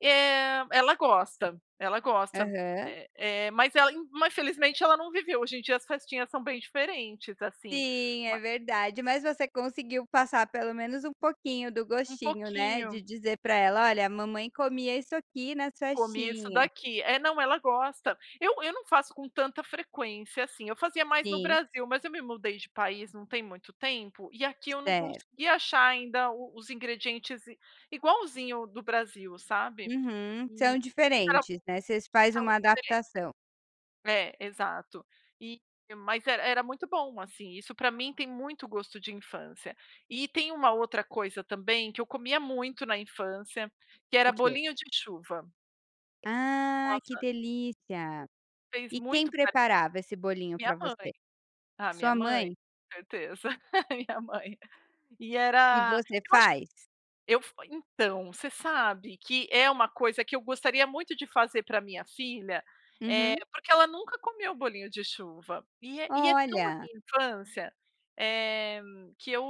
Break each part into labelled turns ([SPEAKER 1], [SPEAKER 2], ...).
[SPEAKER 1] É. Ela gosta, ela gosta.
[SPEAKER 2] Aham.
[SPEAKER 1] Eh eh, mas ela in ma felizmente ela não viveu. Hoje em dia, as festinhas são bem diferentes, assim.
[SPEAKER 2] Sim, é
[SPEAKER 1] Ma
[SPEAKER 2] verdade. Mas você conseguiu passar pelo menos um pouquinho do
[SPEAKER 1] Um
[SPEAKER 2] gostinho, né, de
[SPEAKER 1] pouquinho.
[SPEAKER 2] dizer pra ela: "Olha, a mamãe comia isso aqui nas
[SPEAKER 1] Comia isso
[SPEAKER 2] festinhas".
[SPEAKER 1] daqui. É, não, ela gosta. Eu eu não faço com tanta frequência, assim. Eu fazia mais no
[SPEAKER 2] Sim.
[SPEAKER 1] Brasil. Mas eu me mudei de país não tem muito tempo e aqui eu não
[SPEAKER 2] Certo.
[SPEAKER 1] consegui achar ainda o os ingredientes igualzinho do Brasil, sabe.
[SPEAKER 2] Uhum.
[SPEAKER 1] E
[SPEAKER 2] São
[SPEAKER 1] espera
[SPEAKER 2] diferentes,
[SPEAKER 1] passar
[SPEAKER 2] né. Vocês faz uma
[SPEAKER 1] um tempo.
[SPEAKER 2] adaptação.
[SPEAKER 1] É. Exato. E mas era era muito bom, assim. Isso pra mim tem muito gosto de infância. E tem uma outra coisa também que eu comia muito na infância, que
[SPEAKER 2] O
[SPEAKER 1] era
[SPEAKER 2] quê?
[SPEAKER 1] bolinho de chuva.
[SPEAKER 2] Ah, que
[SPEAKER 1] Nossa
[SPEAKER 2] delícia.
[SPEAKER 1] Fez
[SPEAKER 2] E quem
[SPEAKER 1] muito parte da
[SPEAKER 2] preparava esse bolinho
[SPEAKER 1] minha
[SPEAKER 2] pra você?
[SPEAKER 1] mãe. Ah, minha
[SPEAKER 2] Sua
[SPEAKER 1] mãe,
[SPEAKER 2] mãe?
[SPEAKER 1] certeza, minha mãe. E
[SPEAKER 2] E
[SPEAKER 1] era
[SPEAKER 2] você
[SPEAKER 1] eu acho
[SPEAKER 2] faz?
[SPEAKER 1] eu f então, você sabe que é uma coisa que eu gostaria muito de fazer para a minha filha. Eh,
[SPEAKER 2] Uhum.
[SPEAKER 1] porque ela, nunca comeu bolinho de chuva. E é e é tão a
[SPEAKER 2] Olha.
[SPEAKER 1] minha infância, eh, que eu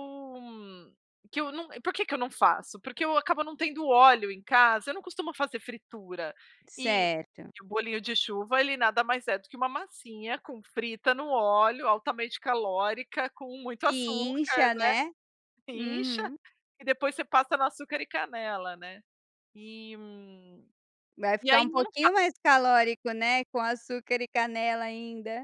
[SPEAKER 1] que eu n por que que eu não faço? Porque eu acabo não tendo óleo em casa. Eu não costumo fazer fritura. E
[SPEAKER 2] Certo.
[SPEAKER 1] e o bolinho de chuva ele nada mais é do que uma massinha com frita no óleo, altamente calórica, com muito
[SPEAKER 2] Que
[SPEAKER 1] açúcar,
[SPEAKER 2] incha,
[SPEAKER 1] né.
[SPEAKER 2] né.
[SPEAKER 1] Incha
[SPEAKER 2] Uhum.
[SPEAKER 1] e depois você passa no açúcar e canela, né. E, hum,
[SPEAKER 2] Vai
[SPEAKER 1] e
[SPEAKER 2] ficar
[SPEAKER 1] aí,
[SPEAKER 2] um
[SPEAKER 1] eu não
[SPEAKER 2] pouquinho
[SPEAKER 1] faço.
[SPEAKER 2] mais calórico, né, com açúcar e canela ainda.